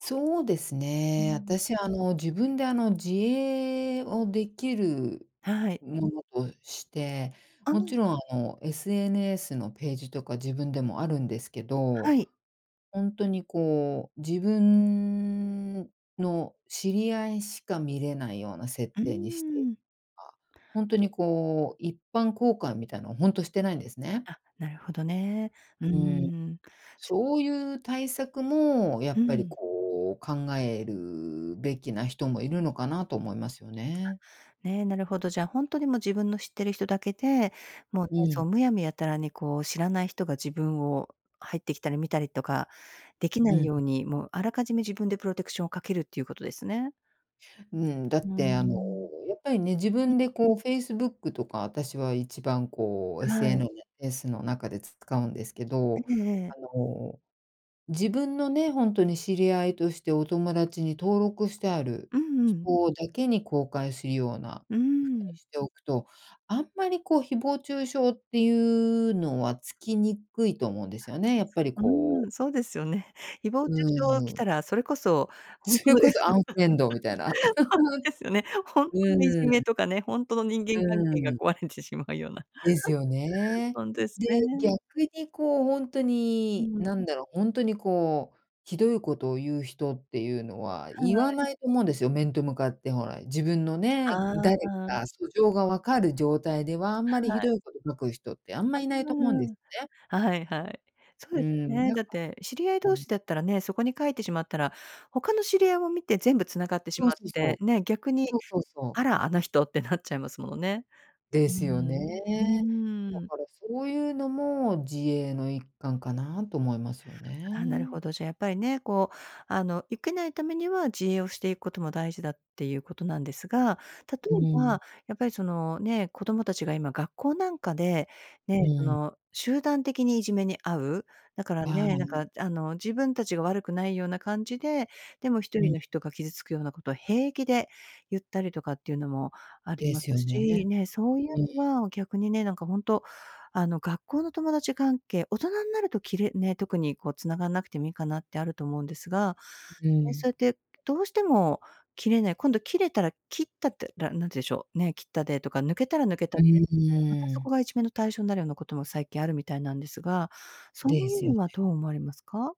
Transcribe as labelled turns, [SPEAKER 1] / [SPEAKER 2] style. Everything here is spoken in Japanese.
[SPEAKER 1] そうです
[SPEAKER 2] う
[SPEAKER 1] ね。
[SPEAKER 2] ん。
[SPEAKER 1] 私、あの、自分で、あの、自衛をできる
[SPEAKER 2] はい。
[SPEAKER 1] ものとして、
[SPEAKER 2] あ、う
[SPEAKER 1] もち
[SPEAKER 2] ん。
[SPEAKER 1] ろん、あの、SNS のページとか、自分でもあるんですけど。
[SPEAKER 2] はい。
[SPEAKER 1] ほんとにこう、自分の知り合いしか、見れないような設
[SPEAKER 2] うー
[SPEAKER 1] 定にして
[SPEAKER 2] ん。
[SPEAKER 1] はあ。ほんとにこう、一般公開みたいのを、ほんとしてないんですね。
[SPEAKER 2] あ、なるほどね。うー
[SPEAKER 1] うん。
[SPEAKER 2] ん。
[SPEAKER 1] そういう対策も、や
[SPEAKER 2] う
[SPEAKER 1] っぱり
[SPEAKER 2] ん。
[SPEAKER 1] こう、考えるべきな人も、いるのかなと思いますよね。
[SPEAKER 2] ね、なるほど。じゃあ、ほんとにもう、自分の知ってる人だけで、もうね、
[SPEAKER 1] う
[SPEAKER 2] そ
[SPEAKER 1] ん。
[SPEAKER 2] うむやみやたらにこう、知らない人が自分を、入ってきたり見たりとか、できな
[SPEAKER 1] う
[SPEAKER 2] い
[SPEAKER 1] ん。
[SPEAKER 2] ように、もうあらかじめ、自分でプロテクションをかけるっていうことですね。
[SPEAKER 1] うん。だっ
[SPEAKER 2] うー
[SPEAKER 1] てあの、
[SPEAKER 2] ん。
[SPEAKER 1] やっぱりね、自
[SPEAKER 2] う。
[SPEAKER 1] 分で、こう、Facebook とか、私は一番、こう、
[SPEAKER 2] は
[SPEAKER 1] SN
[SPEAKER 2] い。
[SPEAKER 1] な S の中でつ使うんですけ
[SPEAKER 2] え
[SPEAKER 1] ど。
[SPEAKER 2] えええ。
[SPEAKER 1] あの、自分のね、ほんとに知り合いとして、お友達に登録してある
[SPEAKER 2] うんうん。
[SPEAKER 1] 人だけに、公開するような
[SPEAKER 2] うー
[SPEAKER 1] ふうに
[SPEAKER 2] ん。
[SPEAKER 1] しておくと、あんまりこう、誹謗中傷っていうのは、つきにくいと思うんですよね。
[SPEAKER 2] い
[SPEAKER 1] やっ
[SPEAKER 2] つ
[SPEAKER 1] ぱり
[SPEAKER 2] う
[SPEAKER 1] こう。
[SPEAKER 2] ーん。そうですよね。誹謗中
[SPEAKER 1] うー
[SPEAKER 2] 傷来
[SPEAKER 1] ん。
[SPEAKER 2] たら、それこそ本
[SPEAKER 1] そ
[SPEAKER 2] 当
[SPEAKER 1] れ
[SPEAKER 2] で
[SPEAKER 1] こそ、
[SPEAKER 2] す。
[SPEAKER 1] アンフレンドみたいな。
[SPEAKER 2] ほんとですよね。本
[SPEAKER 1] う
[SPEAKER 2] 当のい
[SPEAKER 1] ー
[SPEAKER 2] じ
[SPEAKER 1] ん。
[SPEAKER 2] めとかね、ほんとの人
[SPEAKER 1] う
[SPEAKER 2] 間関係が、
[SPEAKER 1] ーん。
[SPEAKER 2] 壊れてしまうような。
[SPEAKER 1] ですよ ね。
[SPEAKER 2] ほんとです
[SPEAKER 1] で、
[SPEAKER 2] ね。
[SPEAKER 1] 逆にこう、ほんと
[SPEAKER 2] う
[SPEAKER 1] に
[SPEAKER 2] ん。
[SPEAKER 1] 何だろう、ほんとにこう、ひどいことを言う人っていうのは、
[SPEAKER 2] は
[SPEAKER 1] 言わ
[SPEAKER 2] い。
[SPEAKER 1] ないと思うんですよ、面と向かってほら、自分のね、
[SPEAKER 2] ああ
[SPEAKER 1] 誰
[SPEAKER 2] ああ。
[SPEAKER 1] か素性がわかる状態では、あんま
[SPEAKER 2] は
[SPEAKER 1] りひど
[SPEAKER 2] い。
[SPEAKER 1] いこと書く人って、あんま
[SPEAKER 2] あ
[SPEAKER 1] いないと思うんです
[SPEAKER 2] あ
[SPEAKER 1] ね。
[SPEAKER 2] ああ、はいはい。そう
[SPEAKER 1] う
[SPEAKER 2] です
[SPEAKER 1] ん、
[SPEAKER 2] ね。
[SPEAKER 1] なん
[SPEAKER 2] だっ
[SPEAKER 1] か
[SPEAKER 2] て知り合い
[SPEAKER 1] う
[SPEAKER 2] 同
[SPEAKER 1] ん。
[SPEAKER 2] 士だったらね、そこに書いてしまったら、他の知り合いも見て、全部繋がってし
[SPEAKER 1] そう
[SPEAKER 2] まっ
[SPEAKER 1] そうそ
[SPEAKER 2] て、
[SPEAKER 1] う。
[SPEAKER 2] ね。逆に、
[SPEAKER 1] そうそうそう。
[SPEAKER 2] あら、あの人ってなっちゃいますものね。
[SPEAKER 1] で
[SPEAKER 2] う
[SPEAKER 1] すよ
[SPEAKER 2] ん、う
[SPEAKER 1] ね。だ
[SPEAKER 2] ーん。
[SPEAKER 1] からそういうのも、自衛の一環かな、と思いますよ
[SPEAKER 2] ああ、なる
[SPEAKER 1] ね。
[SPEAKER 2] ほど。じゃあ、やっぱりね、こう、あの、ゆけないためには、自衛をしていくことも、大事だっていうことなんですが。例
[SPEAKER 1] う
[SPEAKER 2] え
[SPEAKER 1] ん。
[SPEAKER 2] ば、やっぱりその、ね、子供たちが今、学校なんかで、
[SPEAKER 1] う
[SPEAKER 2] ね、そ
[SPEAKER 1] ん。
[SPEAKER 2] の集団的にいじめに遭う。だから
[SPEAKER 1] ああ、
[SPEAKER 2] ね、
[SPEAKER 1] う
[SPEAKER 2] なん
[SPEAKER 1] ん。
[SPEAKER 2] かあの、自分たちが悪くないような感じで、でもひと
[SPEAKER 1] う
[SPEAKER 2] り
[SPEAKER 1] ん。
[SPEAKER 2] の人が傷つくようなことを、平気で言ったりとかっていうのもあり
[SPEAKER 1] で
[SPEAKER 2] ます
[SPEAKER 1] すよ
[SPEAKER 2] し、
[SPEAKER 1] ね。
[SPEAKER 2] ね。そういう
[SPEAKER 1] うん。
[SPEAKER 2] のは、逆にね、なんかほんと、あの、学校の友達関係、大人になると切れね、特にこう、繋がんなくてもいいかな、ってあると思うんですが。
[SPEAKER 1] ん、う
[SPEAKER 2] ね、
[SPEAKER 1] ん。
[SPEAKER 2] そうやって、どうしても切れない、今度切れたら切ったって、ら何て言うんでしょう。ね、切ったで、とか、抜けたら抜けた
[SPEAKER 1] う
[SPEAKER 2] で、
[SPEAKER 1] ん、う
[SPEAKER 2] また
[SPEAKER 1] ー
[SPEAKER 2] そこ
[SPEAKER 1] ん。
[SPEAKER 2] が、いじめの対象になるようなことも、最近あるみたいなんですが。そう
[SPEAKER 1] で
[SPEAKER 2] い
[SPEAKER 1] す
[SPEAKER 2] う
[SPEAKER 1] よ
[SPEAKER 2] の
[SPEAKER 1] ね。
[SPEAKER 2] は、どう思われますか？